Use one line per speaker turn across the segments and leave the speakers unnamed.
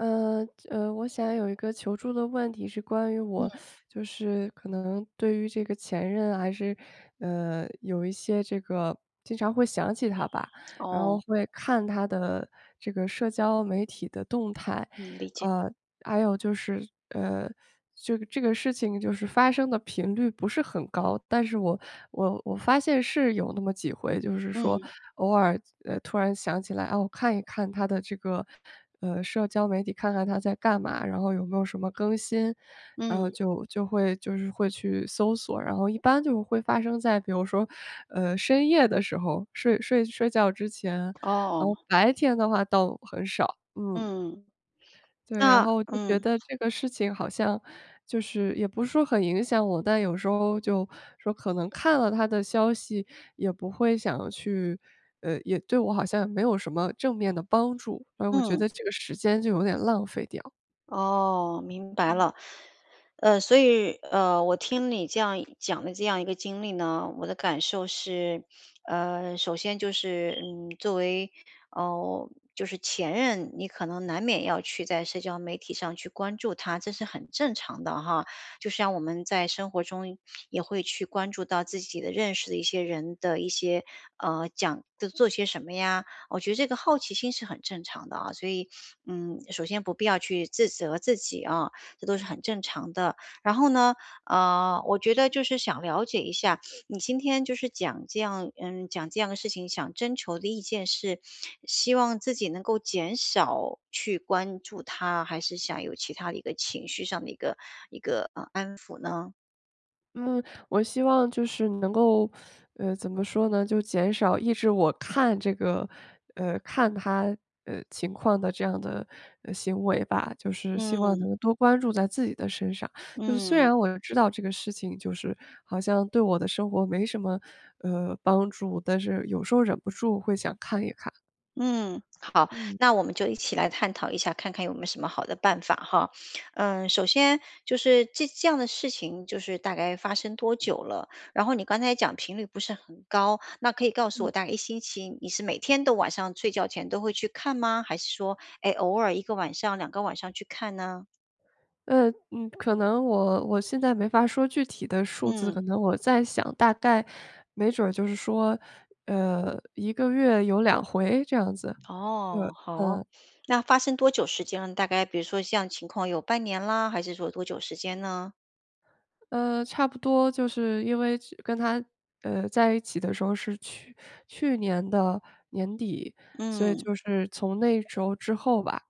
呃，呃，我想有一个求助的问题，是关于我，
嗯。
就是可能对于这个前任还是，呃，有一些这个经常会想起他吧，然后
哦。
会看他的这个社交媒体的动态。
嗯，理解。
呃，还有就是呃，就这个事情就是发生的频率不是很高，但是我我我发现是有那么几回就是说，
嗯。
偶尔，呃，突然想起来，哦，看一看他的这个，呃，社交媒体，看看他在干嘛，然后有没有什么更新，然后
嗯。
就就会就是会去搜索，然后一般就会发生在比如说，呃，深夜的时候，睡睡睡觉之前，然后
哦。
白天的话倒很少，嗯。
嗯，
对，然
啊，
后就觉
嗯。
得这个事情好像就是也不是说很影响我，但有时候就说可能看了他的消息，也不会想去呃，也对我好像没有什么正面的帮助，然后我觉
嗯。
得这个时间就有点浪费掉。
哦，明白
嗯。
了。呃，所以，呃，我听你这样讲的这样一个经历呢，我的感受是 呃，首先就是，嗯，作为，呃，就是前任，你可能难免要去在社交媒体上去关注他，这是很正常的哈，就像我们在生活中 也会去关注到自己的认识的一些人的一些呃，讲的做些什么呀我觉得这个好奇心是很正常的啊，所以，嗯，首先不必要去自责自己啊，这都是很正常的。然后呢，呃，我觉得就是想了解一下，你今天就是讲这样嗯，讲这样的事情，想征求的意见是，希望自己能够减少去关注他，还是想有其他的一个情绪上的一个一个，呃，安抚呢？
嗯，我希望就是能够 呃，怎么说呢就减少抑制我看这个呃，看他，呃，情况的这样的，呃，行为吧，就是希望
嗯。
能多关注在自己的身上，就是虽
嗯。
然我又知道这个事情，就是好像对我的生活没什么，呃，帮助，但是有时候忍不住会想看一看。
嗯，好。
嗯。
那我们就一起来探讨一下，看看有没有什么好的办法哈。嗯，首先就是这这样的事情，就是大概发生多久了？然后你刚才讲频率不是很高，那可以告诉我
嗯。
大概1星期你是每天都晚上睡觉前都会去看吗，还是说，诶，偶尔1个晚上、2个晚上去看呢？
呃，嗯，可能我我现在没法说具体的数字，
嗯。
可能我在想大概没准儿就是说，呃，1个月有2回这样子。对，
哦，好。
嗯。
那发生多久时间？大概比如说像情况有半年啦，还是说多久时间呢？
呃，差不多就是因为之跟他，呃，在一起的时候是去去年的年底，所以
嗯。
就是从那时候之后吧，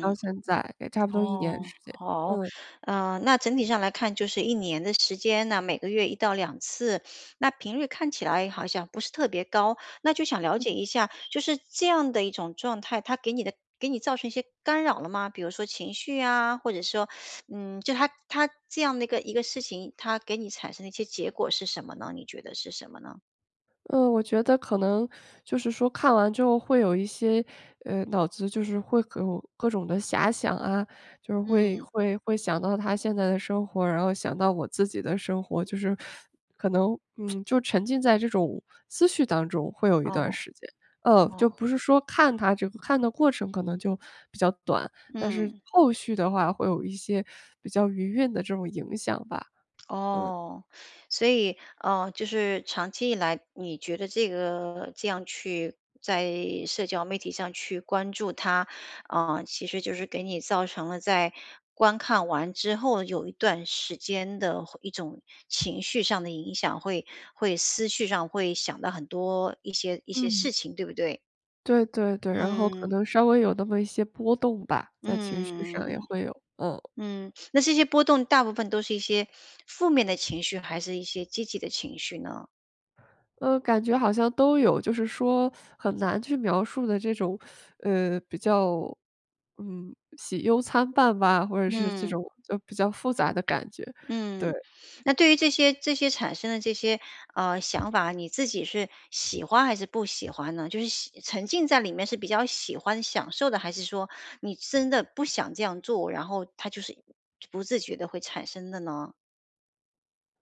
到现在也差不多1年
哦，
时间，
好。
嗯。
呃，那整体上来看就是1年的时间呢，每个月1到2次，那频率看起来好像不是特别高。那就想了
嗯。
解一下，就是这样的一种状态，它给你的给你造成一些干扰了吗？比如说情绪呀，或者说嗯，就它它这样的一个一个事情，它给你产生的一些结果是什么呢？你觉得是什么呢？
呃，我觉得可能就是说看完之后会有一些呃，脑子就是会有各种的遐想啊，就是会
嗯。
会会想到他现在的生活，然后想到我自己的生活，就是 可能嗯，就沉浸在这种思绪当中会有一段儿
哦，
时间。呃，
哦。
就不是说看他这个看的过程可能就比较短，但是
嗯。
后续的话会有一些比较余韵的这种影响吧。嗯。
哦，所以呃，就是长期以来，你觉得这个这样去在社交媒体上去关注他，呃，其实就是给你造成了在观看完之后有一段时间的会一种情绪上的影响，会会思绪上会想得很多一些一些
嗯。
事情，对不对？
对对对，然后可
嗯。
能稍微有那么一些波动吧，在情绪上也
嗯，
会有嗯。
嗯。那这些波动大部分都是一些 负面的情绪还是一些积极的情绪呢？
嗯，感觉好像都有，就是说 很难去描述的这种，呃，比较嗯，喜忧参半吧，或者是这
嗯。
种就比较复杂的感觉，对。
嗯，那 对于这些这些产生的这些，呃，想法，你自己是喜欢还是不喜欢呢？就是喜沉浸在里面是比较喜欢、享受的，还是说你真的不想这样做，然后它就是，嗯，不自觉地会产生的呢？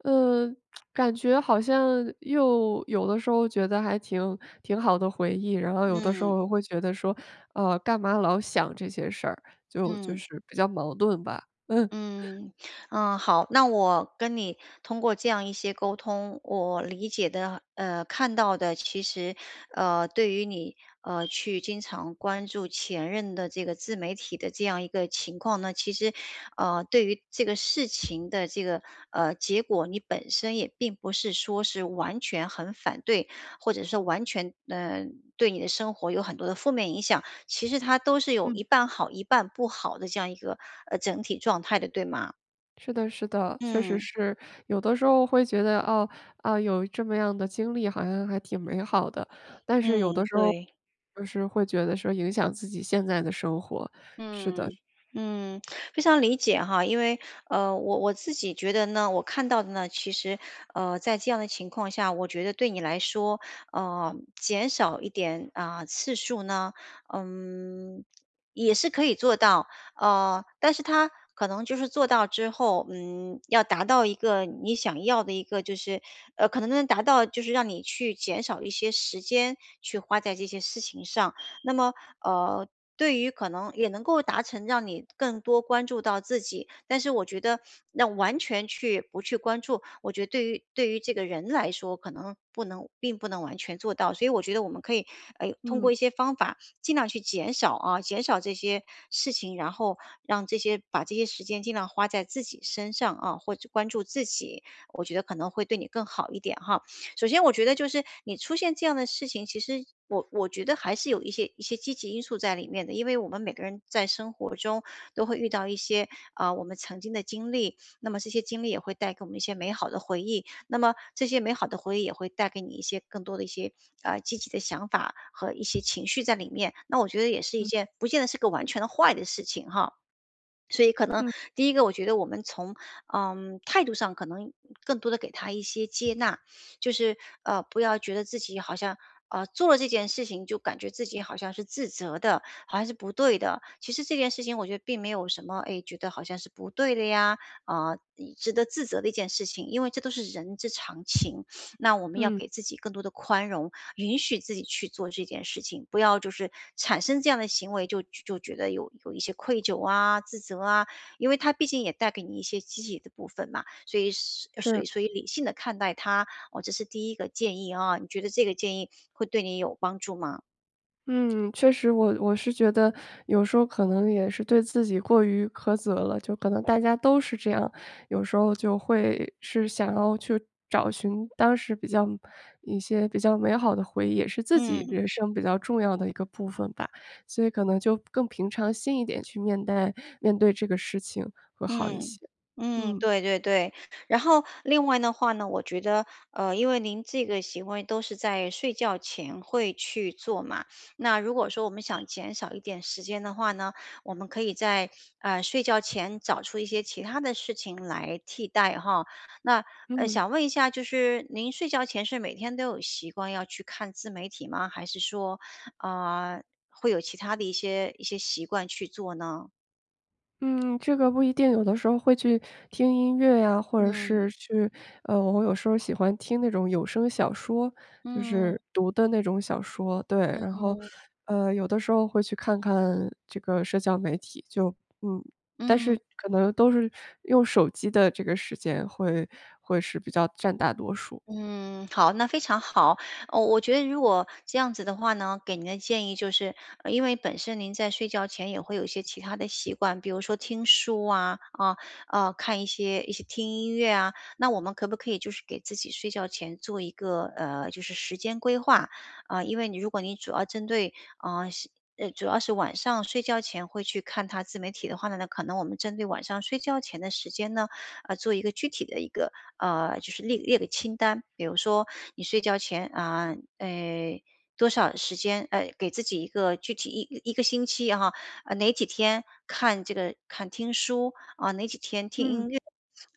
嗯，感觉好像又有的时候觉得还挺挺好的回忆，然后有的时
嗯。
候会觉得说，呃，干嘛老想这些事儿，就就
嗯。
是比较矛盾吧，嗯。
嗯，嗯，好，那我跟你通过这样一些沟通，我理解的，呃，看到的其实，呃，对于你，呃，去经常关注前任的这个自媒体的这样一个情况呢，其实，呃，对于这个事情的这个，呃，结果你本身也并不是说是完全很反对，或者说完全，嗯，对你的生活有很多的负面影响，其实它都是有
嗯。
一半好一半不好的这样一个，呃，整体状态的，对吗？
是的，是的，确实
嗯。
是。有的时候会觉得，啊，呃，有这么样的经历好像还挺美好的，但是有的
嗯，
时候，
对。
就是会觉得说影响自己现在的生活，是的。
嗯，嗯，非常理解哈，因为，呃，我我自己觉得呢，我看到的呢，其实，呃，在这样的情况下，我觉得对你来说，呃，减少一点，啊，次数呢，嗯，也是可以做到。呃，但是它可能就是做到之后，嗯，要达到一个你想要的一个，就是呃，可能能达到就是让你去减少一些时间去花在这些事情上。那么，呃，对于可能也能够达成让你更多关注到自己，但是我觉得，那完全去不去关注，我觉得对于对于这个人来说，可能不能并不能完全做到。所以我觉得我们可以，呃，通过
嗯。
一些方法，尽量去减少啊，减少这些事情，然后让这些把这些时间尽量花在自己身上啊，或者关注自己。我觉得可能会对你更好一点哈。首先我觉得就是，你出现这样的事情，其实我我觉得还是有一些一些积极因素在里面的，因为我们每个人在生活中，都会遇到一些，啊，我们曾经的经历，那么这些经历也会带给我们一些美好的回忆，那么这些美好的回忆也会带给你一些更多的一些，呃，积极的想法和一些情绪在里面，那我觉得也是一
嗯。
件，不见得是个完全的坏的事情哈。所以可能，
嗯。
第1个我觉得我们从，呃，态度上可能更多的给它一些接纳，就是，呃，不要觉得自己好像，呃，做了这件事情，就感觉自己好像是自责的，好像是不对的。其实这件事情我觉得并没有什么，哎，觉得好像是不对的呀，啊，值得自责的一件事情，因为这都是人之常情，那我们要
嗯。
给自己更多地宽容，允许自己去做这件事情，不要就是产生这样的行为，就就觉得有有一些愧疚啊，自责啊，因为它毕竟也带给你一些积极的部分嘛，所以是所以
是。
所以理性地看待它，哦，这是第1个建议啊，你觉得这个建议会对你有帮助吗？
嗯，确实，我我是觉得有时候可能也是对自己过于苛责了。就可能大家都是这样，有时候就会是想要去找寻当时比较一些比较美好的回忆，也是自己
嗯。
人生比较重要的一个部分吧。所以可能就更平常心一点去面带面对这个事情会好一
嗯，
些，
嗯，
嗯。
对对对。然后另外的话呢，我觉得，呃，因为您这个行为都是在睡觉前会去做嘛，那如果说我们想减少一点时间的话呢，我们可以在，啊，睡觉前找出一些其他的事情来替代哈。那，呃，
嗯。
想问一下就是您睡觉前是每天都有习惯要去看自媒体吗？还是说，呃，会有其他的一些一些习惯去做呢？
嗯，这个不一定。有的时候会去听音乐呀，或者是
嗯。
去呃，我有时候喜欢听那种有声小说就
嗯。
是读的那种小说。对，
嗯
然后，
哼。
呃，有的时候会去看看这个社交媒体。就嗯，但
嗯。
是可能都是用手机的这个时间会会是比较占大多数。
嗯，好，那非常好。呃，我觉得如果这样子的话呢，给您的建议就是因为本身您在睡觉前也会有一些其他的习惯，比如说听书啊。啊，呃，看一些一些听音乐啊，那我们可不可以就是给自己睡觉前做一个呃，就是时间规划。啊，因为你如果你主要针对嗯，习呃，主要是晚上睡觉前会去看它自媒体的话呢呢，那可能我们针对晚上睡觉前的时间呢，呃，做一个具体的一个呃，就是列列个清单。比如说你睡觉前，啊，哎，多少时间呃，给自己一个具体11个星期，然后，啊，哪几天看这个看听书。啊，哪几天听
嗯。
音乐。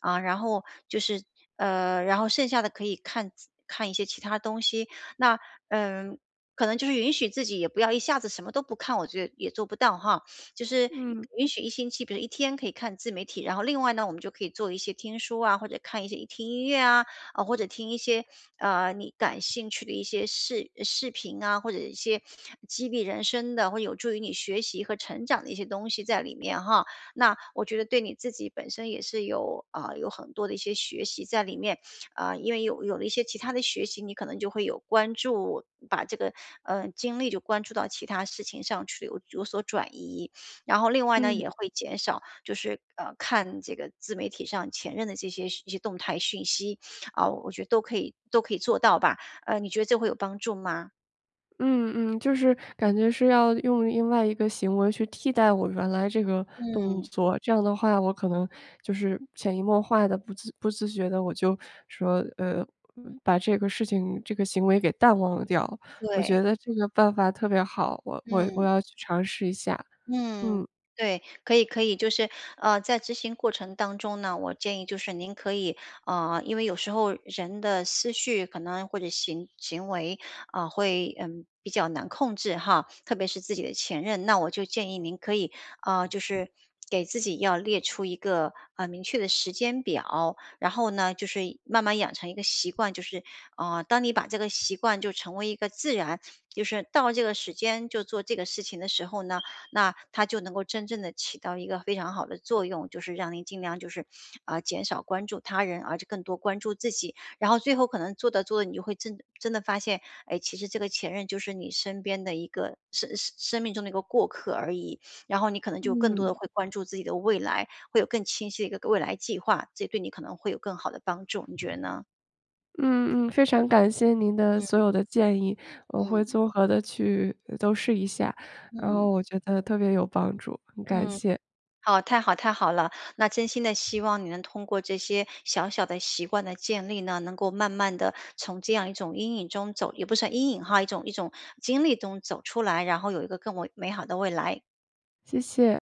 啊，然后就是，呃，然后剩下的可以看看一些其他东西。那，嗯，可能就是允许自己也不要一下子什么都不看，我觉得也做不到哈。就是
嗯。
允许1星期比如1天可以看自媒体，然后另外呢，我们就可以做一些听书啊，或者看一些听音乐啊，呃，或者听一些，啊，你感兴趣的一些视视频啊，或者一些 激励人生的、会有助于你学习和成长的一些东西在里面哈。那我觉得对你自己本身也是有，啊，有很多的一些学习在里面。啊，因为有有了一些其他的学习，你可能就会有关注把这个，呃，精力就关注到其他事情上去有有所转移。然后另外呢
嗯。
也会减少就是，呃，看这个自媒体上前任的这些一些动态讯息。啊，我觉得都可以都可以做到吧。呃，你觉得这会有帮助吗？
嗯，嗯，就是感觉是要用另外一个行为去替代我原来这个动
嗯。
作。这样的话，我可能就是潜移默化地不自不自觉地我就说，呃，把这个事情这个行为给淡忘掉，我
对。
觉得这个办法特别好，我我我
嗯。
要去尝试一下，
嗯，
嗯。
对。可以可以就是，呃，在执行过程当中呢，我建议就是您可以，呃，因为有时候，人的思绪可能或者行行为，啊，会，嗯，比较难控制哈，特别是自己的前任。那我就建议您可以，啊，就是给自己要列出一个，呃，明确的时间表。然后呢就是慢慢养成一个习惯，就是，啊，当你把这个习惯就成为一个自然，就是到了这个时间就做这个事情的时候呢，那它就能够真正地起到一个非常好的作用。就是让你尽量就是，呃，减少关注他人，而且更多关注自己。然后最后可能做着做着，你就会真真的发现，诶，其实这个前任就是你身边的一个，生呃，生命中的一个过客而已，然后你可能就更多
嗯。
地会关注自己的未来，会有更清晰的一个未来计划。这对你可能会有更好地帮助，你觉得呢？
嗯嗯，非常感谢您的所
嗯。
有的建议。我会
嗯。
综合地去，呃，都试一下，然后
嗯。
我觉得特别有帮助，很感
嗯，
谢。
好，太好太好了。那真心的希望你能通过这些小小的习惯的建立呢，能够慢慢地从这样一种阴影中走也不算阴影哈，一种一种经历中走出来，然后有一个更为美好的未来。
谢谢。